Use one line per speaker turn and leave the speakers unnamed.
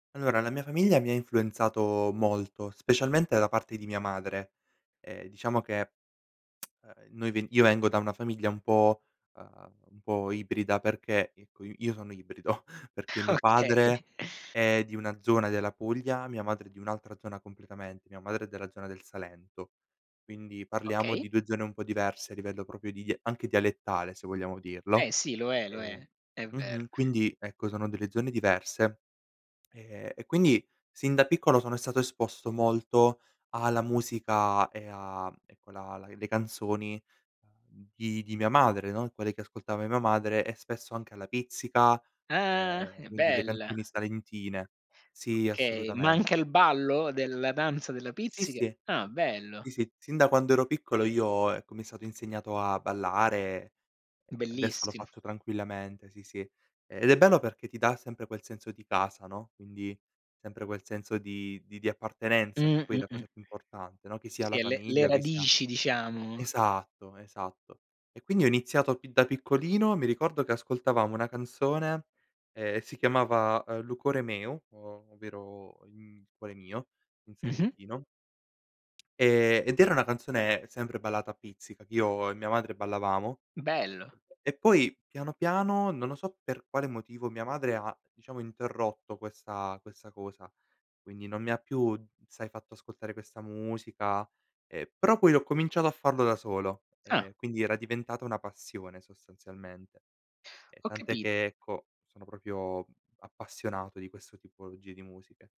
Allora, la mia famiglia mi ha influenzato molto, specialmente da parte di mia madre. E diciamo che noi v io vengo da una famiglia un po', ehm, un po' ibrida, perché ecco, i io sono ibrido, perché mio padre
Okay.
è di una zona della Puglia, mia madre è di un'altra zona completamente. Mia madre è della zona del Salento, quindi parliamo
Okay.
di 2 zone un po' diverse a livello proprio di anche dialettale, se vogliamo dirlo.
Eh sì! lo è, lo è.
E
È vero.
mh-mh. Quindi ecco, sono delle zone diverse e e quindi sin da piccolo sono stato esposto molto alla musica e a, ecco, la la le canzoni, uhm, di di mia madre, no, quelle che ascoltava mia madre e spesso anche alla Pizzica,
Ah!
e
È
quindi le
bella.
canzoni salentine. Sì,
Okay,
assolutamen
manca il ballo della danza della
Sì,
pizzica?
sì.
Ah bello!
Sì, sì, sin da quando ero piccolo io, ecco mi è stato insegnato a ballare, ehm, adesso l'ho
Bellissim
fatto tranquillamente, sì, sì. Ed è bello perché ti dà sempre quel senso di casa, no, quindi sempre quel senso di di di appartenenza che
Mh-mh,
poi è la
mh.
cosa più importante, no, che sia
Sì,
la
e le le
famiglia o che sia
radici diciamo.
esatto, esatto. E quindi ho iniziato pi da piccolino, mi ricordo che ascoltavamo una canzone e si chiamava "Lu core meu", o ovvero il, mhmm, cuore mio, in
Mh-mh.
salentino. Ehm, ed era una canzone sempre ballata a pizzica che io e mia madre ballavamo.
Bello.
E poi piano piano, non lo so per quale motivo, mia madre ha diciamo interrotto questa questa cosa, quindi non mi ha più, sai, fatto ascoltare questa musica, ehm, però poi ho cominciato a farlo da solo,
Ah!
ehm, quindi era diventata una passione sostanzialmente. E
Ho
tant'è
capi
che ecco, sono proprio appassionato di questo tipologie di musiche.